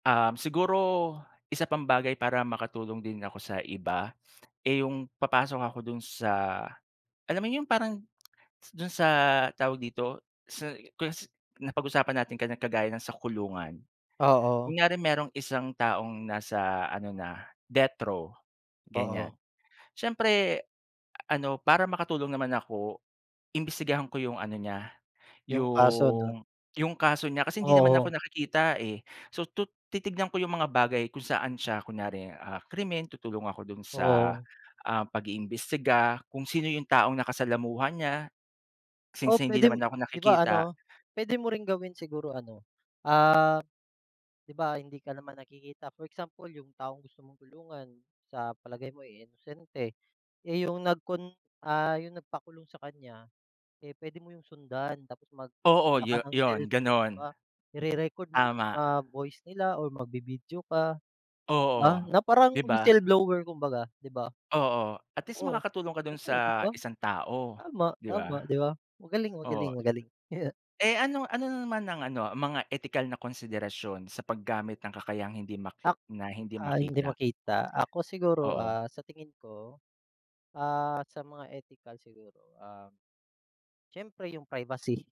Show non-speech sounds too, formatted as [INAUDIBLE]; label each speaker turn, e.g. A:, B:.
A: Um, siguro isa pang bagay para makatulong din ako sa iba, [SNIFFS] eh, yung papasok ako dun sa alam mo yung parang s dun sa tawag dito, sa kung sa napag-usapan natin kanina kagaya ng sa kulungan.
B: Oo.
A: Kunyari merong isang taong nasa ano na, death-row, ganyan.
B: Oo.
A: Siyempre ano, para makatulong naman ako, imbestigahan ko yung ano niya,
B: Yung kaso, 'no?
A: yung yung kaso niya kasi hindi naman ako
B: Oo.
A: nakikita eh. So, tu titignan ko yung mga bagay kung saan siya, kunyari, ah, krimen. Tutulong ako dun sa,
B: Oo.
A: ah, pag-iimbestiga, kung sino yung taong nakasalamuha niya
B: O
A: since hindi
B: pwede
A: naman ako
B: 'di ba
A: nakikita.
B: ano,
A: [GASPS]
B: pwede mo ring gawin siguro ano, ah, 'di ba, hindi ka naman nakikita. For example, yung taong gusto mong tulungan, sa palagay mo eh, inosente. Eh, yung nagkun ah, yung nagpakulong sa kanya, eh, pwede mo yung sundan tapos
A: Oo,
B: magdala ka
A: yu
B: ng
A: yun,
B: cellphone, 'di ba,
A: ganun.
B: ire-record mo yung
A: Tama.
B: mga voice nila or magvi-video ka, ba,
A: Oo,
B: na parang
A: 'di ba?
B: whistleblower kumbaga, 'di ba?
A: Oo, at least
B: Oo,
A: makakatulong ka dun
B: oo, 'di
A: sa
B: ba?
A: isang tao, 'di ba?
B: Tama-tama, 'di ba?
A: Oo.
B: Magaling-magaling-magaling. [CHUCKLES]
A: Eh, ano ano na naman ang ano, ang mga etikal na konsiderasyon sa paggamit ng kakayahang hindi mak
B: Ak
A: na hindi
B: ah, hindi
A: makita?
B: makita. Ako siguro,
A: Oo.
B: ah, sa tingin ko, ah, sa mga etikal siguro, ah, siyempre, yung privacy.